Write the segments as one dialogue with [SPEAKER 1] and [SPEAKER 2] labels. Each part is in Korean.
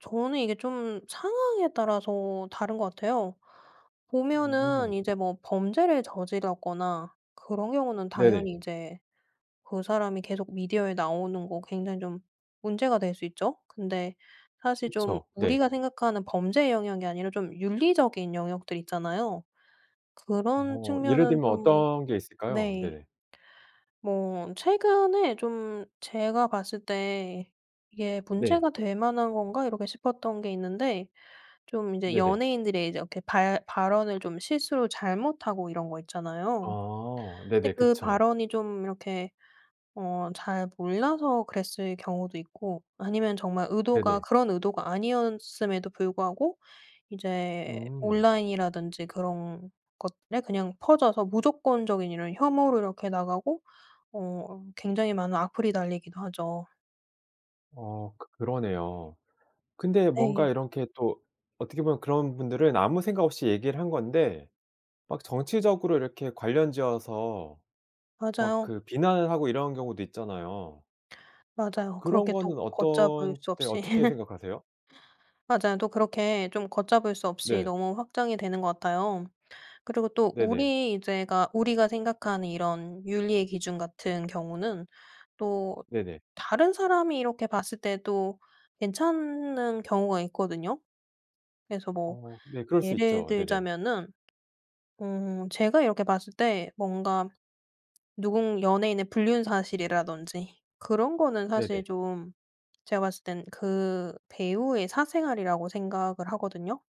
[SPEAKER 1] 저는 이게 좀 상황에 따라서 다른 것 같아요. 보면은
[SPEAKER 2] 음.
[SPEAKER 1] 이제 뭐 범죄를 저질렀거나 그런 경우는
[SPEAKER 2] 네네.
[SPEAKER 1] 당연히 이제 그 사람이 계속 미디어에 나오는 거 굉장히 좀 문제가 될 수 있죠. 근데 사실 좀
[SPEAKER 2] 그쵸. 네.
[SPEAKER 1] 우리가 생각하는 범죄의 영역이 아니라 좀 윤리적인 영역들이 있잖아요. 그런
[SPEAKER 2] 어. 예를
[SPEAKER 1] 측면은
[SPEAKER 2] 들면
[SPEAKER 1] 좀
[SPEAKER 2] 어떤 게 있을까요?
[SPEAKER 1] 네.
[SPEAKER 2] 네.
[SPEAKER 1] 뭐 최근에 좀 제가 봤을 때 '이게
[SPEAKER 2] 네.
[SPEAKER 1] 문제가 될 만한 건가?' 이렇게 싶었던 게 있는데 좀 이제
[SPEAKER 2] 네네.
[SPEAKER 1] 연예인들의 이제 이렇게 발 발언을 좀 실수로 잘못하고 이런 거 있잖아요.
[SPEAKER 2] 아.
[SPEAKER 1] 근데
[SPEAKER 2] 네네.
[SPEAKER 1] 그
[SPEAKER 2] 그쵸.
[SPEAKER 1] 발언이 좀 이렇게 어 잘 몰라서 그랬을 경우도 있고 아니면 정말 의도가
[SPEAKER 2] 네네.
[SPEAKER 1] 그런 의도가 아니었음에도 불구하고 이제
[SPEAKER 2] 음.
[SPEAKER 1] 온라인이라든지 그런 것들에 그냥 퍼져서 무조건적인 이런 혐오로 이렇게 나가고 어 굉장히 많은 악플이 달리기도 하죠.
[SPEAKER 2] 어. 크 그러네요. 근데 뭔가
[SPEAKER 1] 네.
[SPEAKER 2] 이렇게 또 어떻게 보면 그런 분들은 아무 생각 없이 얘기를 한 건데 막 정치적으로 이렇게 관련지어서 막
[SPEAKER 1] 맞아요.
[SPEAKER 2] 그 비난을 하고 이런 경우도 있잖아요.
[SPEAKER 1] 맞아요.
[SPEAKER 2] 그런
[SPEAKER 1] 그렇게 또
[SPEAKER 2] 거는
[SPEAKER 1] 걷잡을
[SPEAKER 2] 어떤
[SPEAKER 1] 수
[SPEAKER 2] 때
[SPEAKER 1] 없이
[SPEAKER 2] 어떻게 생각하세요?
[SPEAKER 1] 맞아요. 또 그렇게 좀 걷잡을 수 없이
[SPEAKER 2] 네.
[SPEAKER 1] 너무 확장이 되는 것 같아요. 그리고 또
[SPEAKER 2] 네네.
[SPEAKER 1] 우리 제가 우리가 생각하는 이런 윤리의 기준 같은 경우는 또
[SPEAKER 2] 네네.
[SPEAKER 1] 다른 사람이 이렇게 봤을 때도 괜찮은 경우가 있거든요. 그래서 뭐
[SPEAKER 2] 어. 네. 그럴 수
[SPEAKER 1] 예를
[SPEAKER 2] 있죠. 네네.
[SPEAKER 1] 들자면은 어 제가 이렇게 봤을 때 뭔가 누군 연예인의 불륜 사실이라든지 그런 거는
[SPEAKER 2] 네네.
[SPEAKER 1] 사실 좀 제가 봤을 땐 그 배우의 사생활이라고 생각을 하거든요.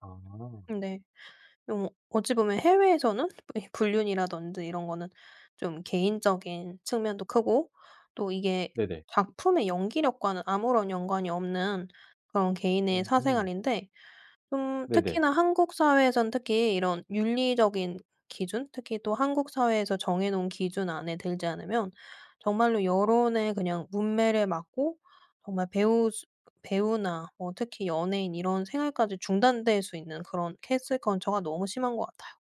[SPEAKER 2] 아.
[SPEAKER 1] 근데 좀 어찌 보면 해외에서는 이 불륜이라든지 이런 거는 좀 개인적인 측면도 크고 또 이게
[SPEAKER 2] 네네.
[SPEAKER 1] 작품의 연기력과는 아무런 연관이 없는 그런 개인의
[SPEAKER 2] 음.
[SPEAKER 1] 사생활인데 음
[SPEAKER 2] 네네.
[SPEAKER 1] 특히나 한국 사회에선 특히 이런 윤리적인 기준 특히 또 한국 사회에서 정해 놓은 기준 안에 들지 않으면 정말로 여론의 그냥 뭇매를 맞고 정말 배우 수 배우나 뭐 특히 연예인 이런 생활까지 중단될 수 있는 그런 캔슬 컬처가 너무 심한 것 같아요.